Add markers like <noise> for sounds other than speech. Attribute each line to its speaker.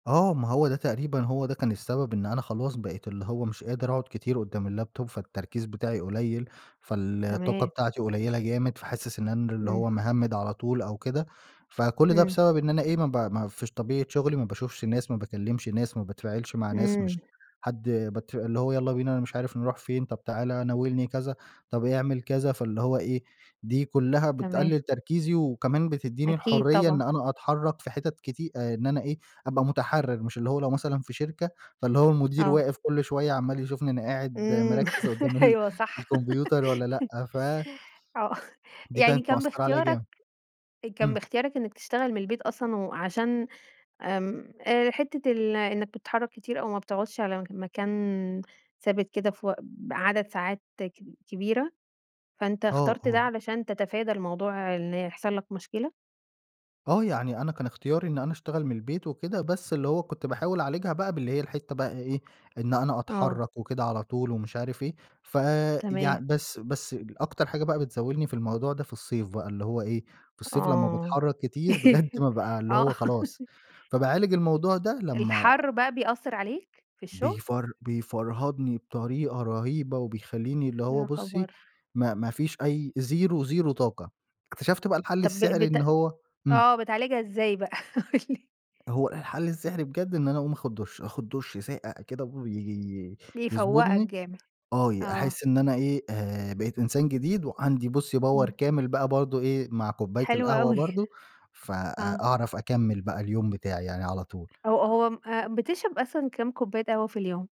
Speaker 1: آه، ما هو ده تقريبًا هو ده كان السبب إن أنا خلاص بقيت اللي هو مش قادر أقعد كتير قدّام اللاب توب فالتركيز بتاعي قليل، فالطاقة
Speaker 2: تمام.
Speaker 1: بتاعتي قليلة جامد، فحاسس إن أنا اللي
Speaker 2: إمم.
Speaker 1: هو مهمِّد على طول أو كده. فكل ده
Speaker 2: إمم.
Speaker 1: بسبب إن أنا إيه، ما ب ما فيش طبيعة شغلي، ما باشوفش ناس، ما باكلّمش ناس، ما باتفاعلش مع ناس
Speaker 2: إمم.
Speaker 1: مش حد بت اللي هو يالّا بينا أنا مش عارف نروح فين، طب تعالَ، ناولني كذا، طب اعمل كذا، فاللي هو إيه، دي كُلّها
Speaker 2: تمام.
Speaker 1: بتقلّل تركيزي وكمان بتدّيني
Speaker 2: أكيد
Speaker 1: الحرية إن
Speaker 2: طبعًا.
Speaker 1: أنا أتحرّك في حتت كتي آآ إن أنا إيه، أبقى مُتحرّر. مش اللي هو لو مثلًا في شركة، فاللي هو المدير
Speaker 2: آه.
Speaker 1: واقف كل شوية عمّال يشوفني أنا قاعد
Speaker 2: إمم.
Speaker 1: مركِّز قدّام
Speaker 2: <laughs>
Speaker 1: ال
Speaker 2: أيوه صح.
Speaker 1: الكمبيوتر والّا
Speaker 2: <laughs>
Speaker 1: لأ؟ ف
Speaker 2: آه. <chuckles>
Speaker 1: دي
Speaker 2: يعني
Speaker 1: كانت
Speaker 2: كان
Speaker 1: مأثَّرة عليَا
Speaker 2: باختيارك
Speaker 1: جامد.
Speaker 2: كان
Speaker 1: إمم.
Speaker 2: باختيارك إنّك تشتغل من البيت أصلًا و عشان آمم أ حتّة ال إنّك بتتحرّك كتير أو ما بتقعدش على م مكان ثابت كده في وق بعدد ساعات كب كبيرة، فأنت
Speaker 1: آه،
Speaker 2: اخترت ده
Speaker 1: آه.
Speaker 2: علشان تتفادى الموضوع إن يحصل لك مشكلة؟
Speaker 1: آه. يعني أنا كان اختياري إن أنا أشتغل من البيت وكده، بس اللي هو كنت باحاول أعالجها بقى باللي هي الحتّة بقى إيه، إن أنا
Speaker 2: آه.
Speaker 1: أتحرّك وكده على طول ومش عارف إيه، ف يع
Speaker 2: تمام.
Speaker 1: بس بس أكتر حاجة بقى بتزاولني في الموضوع ده في الصيف بقى اللي هو إيه، في الصيف لمّا
Speaker 2: آه.
Speaker 1: باتحرّك كتير بجد
Speaker 2: <laughs>
Speaker 1: بابقى اللي
Speaker 2: آه.
Speaker 1: هو خلاص. فباعالج الموضوع ده لمّا
Speaker 2: الحَر بقى بيأثَّر عليك في الشغل؟
Speaker 1: بيفر بيفرهدني بطريقة رهيبة وبيخلّيني اللي هو
Speaker 2: يا
Speaker 1: بُصّي
Speaker 2: خبر!
Speaker 1: ما ما فيش أي زيرو، زيرو طاقة. اكتشفت بقى الحل
Speaker 2: طب ب
Speaker 1: السحري
Speaker 2: بت
Speaker 1: إن هو إمم.
Speaker 2: آه، بتعالجها إزاي بقى، قُل لي؟
Speaker 1: هو الحل السحري بجد إن أنا أقوم آخُد دُش.آخُد دُش ساقع كده وي
Speaker 2: بيفوَّقك
Speaker 1: يضبطني.
Speaker 2: جامد.
Speaker 1: آه.
Speaker 2: آه.
Speaker 1: أحس إن أنا إيه، آآ بقيت إنسان جديد، وعندي بُصّي power
Speaker 2: إمم.
Speaker 1: كامل بقى برضه إيه، مع كوباية
Speaker 2: حلو
Speaker 1: القهوة
Speaker 2: أوي.
Speaker 1: برضه فأ
Speaker 2: آه.
Speaker 1: أعرف أكمِّل بقى اليوم بتاعي يعني على طول.
Speaker 2: هو هو م أ بتشرب أصلًا كام كوباية قهوة في اليوم؟